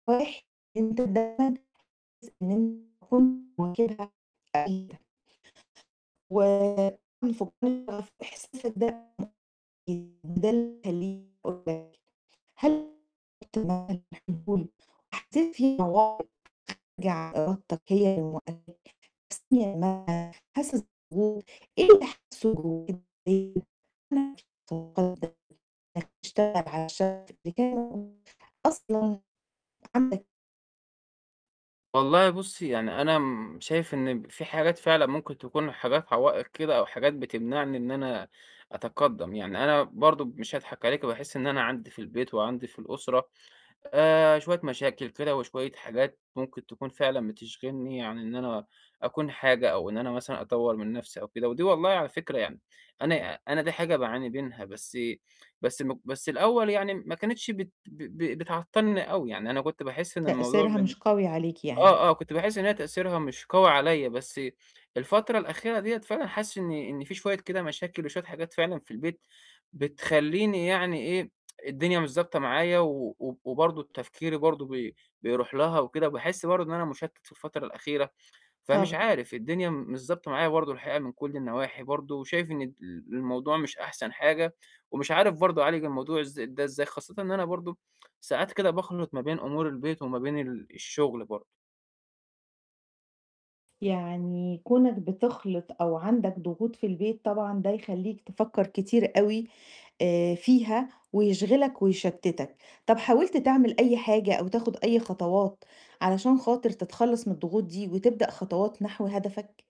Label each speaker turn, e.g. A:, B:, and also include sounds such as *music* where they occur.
A: *unintelligible* أنت دايمًا حاسس *unintelligible* و *unintelligible* حسيت في مواقف خارجة عن إرادتك هي اللي موقفاك *unintelligible* حاسس ب *unintelligible* إيه اللي حاسّه جواك *unintelligible* بتشتغل علشان *unintelligible* أصلًا. *unintelligible*
B: والله بُصّي، يعني أنا امم، شايف إن في حاجات فعلًا ممكن تكون حاجات عوائق كده أو حاجات بتمنعني إن أنا أتقدَّم يعني، أنا برضه مش هاضحك عليكِ، باحس إن أنا عندي في البيت وعندي في الأسرة آآ، شوية مشاكل كده وشوية حاجات ممكن تكون فعلًا بتشغلني عن إن أنا أكون حاجة أو إن أنا مثلًا أطور من نفسي أو كده، ودي والله على فكرة يعني، أنا أنا دي حاجة باعاني منها بس بس الم بس الأول يعني ما كانتش بت ب ب بتعطّلني أوي، يعني أنا كنت باحس إن الموضوع
A: تأثيرها
B: ب
A: مش قوي عليك يعني.
B: آه، آه، كنت باحس إن هي تأثيرها مش قوي عليَّ، بس الفترة الأخيرة دِيَّة فعلًا حاسس إن إن في شوية كده مشاكل وشوية حاجات فعلًا في البيت بتخليني يعني إيه، *tsk* الدنيا مش ضابطة معايا و و وبرضه تفكيري برضه بي بيرُوح لها وكده وباحس برضه إن أنا مشتَّت في الفترة الأخيرة، فمش
A: طَب
B: عارف، الدنيا م مش ضابطة معايا برضه الحقيقة من كُلّ النواحي برضه، وشايف إن ال الموضوع مش أحسن حاجة ومش عارف برضه أعالج الموضوع ازا ده إزاي، خاصةً إن أنا برضه ساعات كده باخلِط ما بين أمور البيت وما بين ال الشغل برضه.
A: يعني كونك بتخلِط أو عندك ضغوط في البيت طبعًا ده يخليك تفكّر كتير أوي آآ، فيها ويشغلك ويشتِّتك، طَب حاولت تعمل أي حاجة أو تاخد أي خطوات، علشان خاطر تتخلّص من الضغوط دي، وتبدأ خطوات نحو هدفك؟